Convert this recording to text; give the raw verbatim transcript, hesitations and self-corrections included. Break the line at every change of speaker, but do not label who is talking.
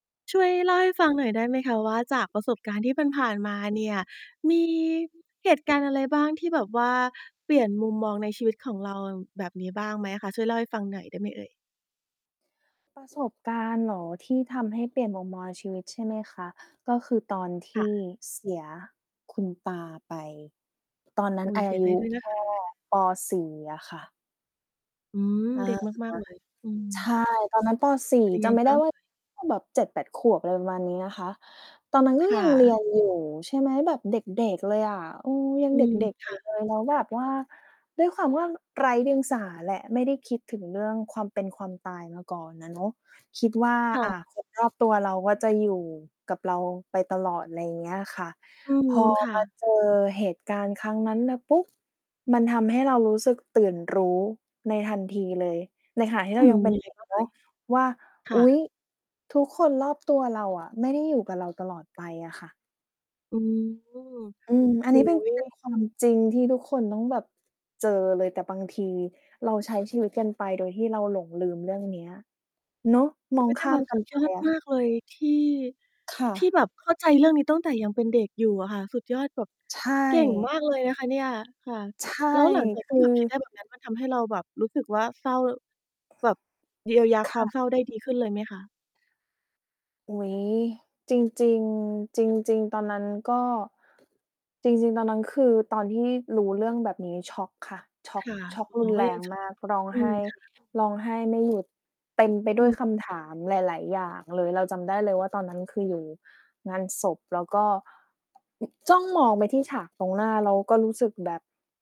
ช่วยเล่าให้ฟังหน่อยได้ไหมคะว่า จากประสบการณ์ที่ผ่าน ๆ มาเนี่ย มี เหตุการณ์อะไรบ้างที่แบบว่าเปลี่ยนมุมมองในชีวิตของเราแบบนี้บ้างไหมคะ ช่วยเล่าให้ฟังหน่อยได้ไหมเอ่ย?
ประสบการณ์เหรอ? ที่ทำให้เปลี่ยนมุมมองในชีวิต ใช่ไหมคะ ก็คือตอนท
ค่
ี่
ะ
เสียคุณตาไป ตอนนั้
อ
น
ุ๊ย!
อา
เสีย
ย
ใจ
ุ
ด้วยน
แค
ะ คะ
่ ปอสี่ อะค่ะ
อืม
อา ค่
เด็
ะ
กมาก ๆ เลย อืม
ใช่ ตอนนั้น ปอ สี่
เป็นยัง
จ
ไง
ำไม่
บ
ไ
้
ด้
าง
ว
ไ
่
ห
า
ม?
ก็แบบ เจ็ดแปด ขวบ อะไรประมาณนี้นะคะ ตอนนั้นก็
ค่
ยัง เรี
ะ
ยนอยู่ ใช่ไหม แบบเด็ก ๆ เลยอะ เออ ยั
อ
ง
ื
เด
ม
็ก ๆ
ค
อยู
่
่
ะ
เลย แล้วแบบว่า ด้วยความว่าไร้เดียงสาแหละ ไม่ได้คิดถึงเรื่องความเป็นความตายมาก่อนอะเนาะ คิดว่า
ค่
อ่า
ะ
คนรอบ ตัวเราว่า จะอยู่กับเราไปตลอด ไรเงี้ยค่ะ
อื
พ
ม
อ
ค่
มา
ะ
เจอเหตุการณ์ครั้งนั้นน่ะ ปุ๊บ มันทำให้เรารู้สึกตื่นรู้ในทันทีเลย ในขณะที่
อ
เ
ื
รายั
ม
งเป็น
ยังไ
เ
ง
ด็ก
บ้าง
เ
เ
น
อ่
าะ
ย?
ว่า
ค
อ
่
ุ๊ย
ะ
ทุกคนรอบตัวเราอะไม่ได้อยู่กับเราตลอดไปอะค่ะ
อืม โ
อื
อ
ม อันน
้
ี้เป
โ
็
ฮ
น เป็น ความจริงที่ทุกคนต้องแบบเจอเลย แต่บางที เรา ใช้ชีวิตกันไปโดยที่เราหลงลืมเรื่องเนี้ย เนาะ มอ
อุ
ง
๊ย แต
ข
่
้
แ
า
บ
ม
บ
ก
ส
ั
ุ
น
ด
ไ
ย
ป
อด
อะ
ม
ค
า
่ะ
กเลยที่
ค่
ที่
ะ
แบบเข้าใจเรื่องนี้ตั้งแต่ยังเป็นเด็กอยู่อะค่ะ สุดยอด แบบ
ใช
เก่งม
่
ากเลยนะคะเนี่ย ค่ะ
ใช่
แล้วหลัง จาก
ค
ที
ื
่แบ
อ
บคิดได้แบบนั้น มัน ทำให้เราแบบรู้สึกว่า เศร้าแบบเยียวยา
ค
คว
่
ามเศร้า
ะ
ได้ดีขึ้นเลยไหมคะ?
อุ๊ย จริง ๆ จริง ๆ ตอนนั้นก็ จริง ๆ ตอนนั้นคือ ตอนที่รู้เรื่องแบบนี้ ช็อกค่ะ ช็
ค
อก
่ะ
ช็อก
อ
ร
๋
ุ
อ
น
ก็
แร
ยัง
ง
ช็อ
ม
ก
าก ร้อง
อื
ไห
ม
้
ค่ะ
ร้องไห้ไม่หยุด เต็มไป
อ
ด
ื
้วย
ม
ค
ค
ำถ
่ะ
ามหลาย ๆ อย่างเลย เราจำได้เลยว่า ตอนนั้นคืออยู่งานศพ แล้วก็ อึก จ้องมองไปที่ฉากตรงหน้า แล้วก็รู้สึกแบบ